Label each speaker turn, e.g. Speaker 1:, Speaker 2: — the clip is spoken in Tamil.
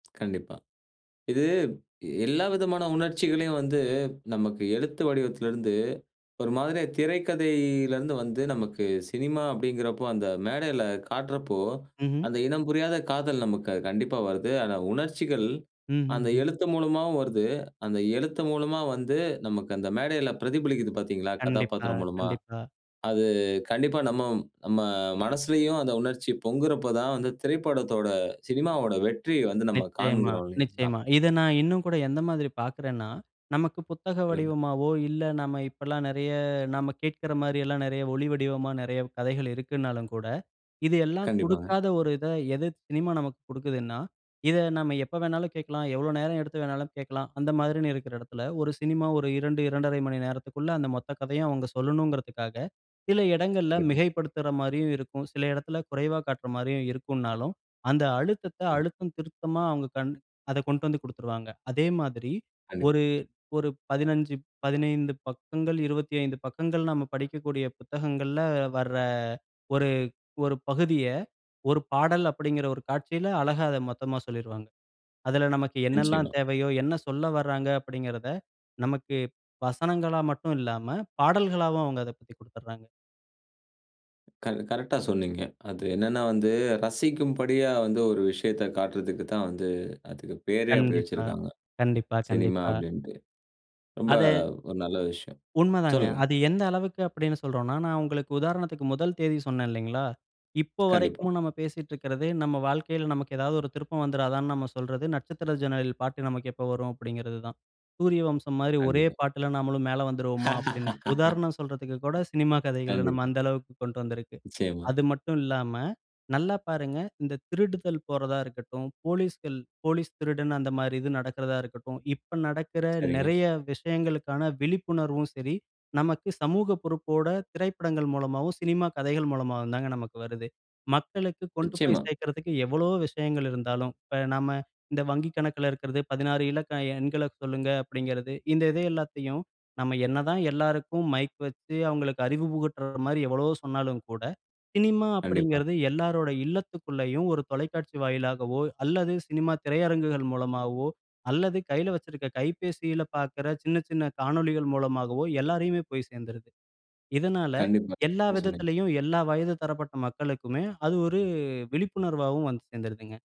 Speaker 1: கண்டிப்பா. இது எல்லா விதமான உணர்ச்சிகளையும் வந்து, நமக்கு எழுத்து வடிவத்திலிருந்து ஒரு மாதிரியா திரைக்கதையிலேருந்து வந்து நமக்கு சினிமா அப்டிங்கிறப்போ, அந்த மேடையில காட்டுறப்போ
Speaker 2: ம்ஹ்ம்.
Speaker 1: அந்த இனம் புரியாத காதல் நமக்கு கண்டிப்பா வருது. ஆனா, உணர்ச்சிகள் அந்த
Speaker 2: ம்ஹ்ஹ்ம்.
Speaker 1: எழுத்து மூலமாவும் வருது. அந்த எழுத்து மூலமா வந்து, நமக்கு அந்த மேடையில பிரதிபலிக்குது பார்த்தீங்களா,
Speaker 2: கண்டிப்பா,
Speaker 1: கதாபாத்திரம் மூலமா.
Speaker 2: கண்டிப்பா.
Speaker 1: அது கண்டிப்பா நம்ம நம்ம மனசுலயும் அந்த உணர்ச்சி பொங்குறப்போ தான் வந்து, திரைப்படத்தோட சினிமாவோட வெற்றிய வந்து நம்ம
Speaker 2: நிச்சயமா,
Speaker 1: காண்கிறோம், இல்லைங்களா?
Speaker 2: நிச்சயமா. இத நான் இன்னும் கூட எந்த மாதிரி பார்க்குறேன்னா, நமக்கு புத்தக
Speaker 1: சொல்லுங்க.
Speaker 2: வடிவமாவோ, இல்ல நம்ம இப்பல்லாம் நெறைய நம்ம கேட்குற மாரில்லாம் நெறைய ஒளி வடிவமா நெறைய கதைகள் இருக்குன்னாலும் கூட, இது எல்லாம்
Speaker 1: கண்டிப்பாங்க.
Speaker 2: குடுக்காத ஒரு இத, எது சினிமா நமக்கு குடுக்குதுன்னா, இத நம்ம எப்ப வேணாலும் கேட்கலாம். எவ்வளோ நேரம் எடுத்து வேணாலும் கேட்கலாம். அந்த மாரின்னு இருக்குற இடத்தில, 1 சினிமா ஒரு 2, 2 1/2 மணி நேரத்துக்குள்ள அந்த மொத்த கதையும் அவங்க சொல்லணுங்குறதுக்காக, சில இடங்கள்ல
Speaker 1: கண்டிப்பா.
Speaker 2: மிகைப்படுத்துற மாரியும் இருக்கும். சில இடத்தில குறைவா காட்டுற மாரியும் இருக்கும்னாலும், அந்த அழுத்தத்த,
Speaker 1: ம்.
Speaker 2: அழுத்தம் திருத்தமா அவங்க கண் அதக் கொண்டு வந்து குடுத்துருவாங்க. அதே மாதிரி
Speaker 1: கண்டிப்பா.
Speaker 2: ஒரு ஒரு, 15 15 பக்கங்கள், 25 பக்கங்கள் நம்ம படிக்கக்கூடிய புத்தகங்கள்ல வர, 1 1 பகுதிய, 1 பாடல் அப்படீங்கிற 1 காட்சியில அழகா அத மொத்தமா சொல்லிருவாங்க. அதுல, "நமக்கு என்னெல்லாம்
Speaker 1: நிச்சயமா.
Speaker 2: தேவையோ, என்ன சொல்ல வராங்க" அப்படீங்குறத நமக்கு வசனங்களா மட்டும் இல்லாம, பாடல்களாவும் அவங்க அதப் பத்தி குடுத்துறாங்க.
Speaker 1: க கரெக்ட்டா சொன்னீங்க. அது என்னன்னா வந்து ரசிக்கும்படியா வந்து ஒரு விஷயத்த காட்டுறதுக்கு தான் வந்து அதுக்கு பேரே அப்படி
Speaker 2: கண்டிப்பா,
Speaker 1: வச்சுருக்காங்க.
Speaker 2: கண்டிப்பா,
Speaker 1: சினிமா
Speaker 2: கண்டிப்பா.
Speaker 1: அப்படின்ட்டு. ரொம்ப
Speaker 2: அத
Speaker 1: ஒரு நல்ல விஷயம்.
Speaker 2: உண்ம தாங்க.
Speaker 1: சொல்லுங்க.
Speaker 2: அது எந்த அளவுக்கு அப்படீன்னு சொல்றோன்னா, நான் உங்களுக்கு உதாரணத்துக்கு முதல் தேதி சொன்னேன் இல்லைங்களா? இப்ப
Speaker 1: கண்டிப்பா.
Speaker 2: வரைக்கும் நம்ம பேசிட்டுருக்கதே நம்ம வாழ்க்கையில நமக்கு ஏதாவது ஒரு திருப்பம் வந்துருதான்னு நம்ம சொல்றது, "நட்சத்திர ஜன்னலில் பாட்டு நமக்கு எப்ப வரும்?" அப்படீங்கிறது தான். சூரியவம்சம் மாரி ஒரே
Speaker 1: கண்டிப்பா.
Speaker 2: பாட்டுல நாமளும் மேல வந்துருவோமா? அப்படின்னு. உதாரணம் சொல்றதுக்கு கூட சினிமா கதைகள நம்ம
Speaker 1: கண்டிப்பா.
Speaker 2: அந்த அளவுக்கு கொண்டு வந்துருக்கு.
Speaker 1: நிச்சயமா.
Speaker 2: அது மட்டும் இல்லாம, நல்லா பாருங்க "இந்த திருடுதல் போறதா இருக்கட்டும், போலீஸ்கள் "போலீஸ்- திருடன்" அந்த மாரி இது நடக்குறதா இருக்கட்டும்" இப்ப நடக்குற
Speaker 1: சரிங்க.
Speaker 2: நெறைய விஷயங்களுக்கான விழிப்புணர்வும் சரி, நமக்கு சமூக பொறுப்போட திரைப்படங்கள் மூலமாவும், சினிமா கதைகள் மூலமாகவும் தாங்க நமக்கு வருது. மக்களுக்கு கொண்டு போய்
Speaker 1: நிச்சயமா.
Speaker 2: சேர்க்கறதுக்கு எவ்வளவோ விஷயங்கள் இருந்தாலும், இப்ப நாம இந்த வங்கி கணக்குல இருக்கறதே, "16 இலக்க எண்கள சொல்லுங்க" அப்டிங்கிறது. இந்த இது எல்லாத்தையும் நம்ம என்னதான் எல்லாருக்கும் மைக் வச்சு, அவங்களுக்கு அறிவு புகட்டுற மாரி எவ்வளவோ சொன்னாலும் கூட, சினிமா
Speaker 1: கண்டிப்பா.
Speaker 2: அப்படீங்கிறது எல்லாருடைய இல்லத்துக்குள்ளயும், ஒரு தொலைக்காட்சி வாயிலாகவோ அல்லது சினிமா திரையரங்குகள் மூலமாவோ அல்லது கையில வச்சிருக்க கைபேசியில பார்க்குற சின்ன சின்ன காணொளிகள் மூலமாகவோ எல்லாரையுமே போய் சேர்ந்துருது. இதனால
Speaker 1: கண்டிப்பா,
Speaker 2: எல்லா
Speaker 1: ம். சொன்னீங்க.
Speaker 2: விதத்திலேயும் எல்லா வயது தரப்பட்ட மக்களுக்குமே அது ஒரு விழிப்புணர்வாவும் வந்து சேர்ந்துருதுங்க.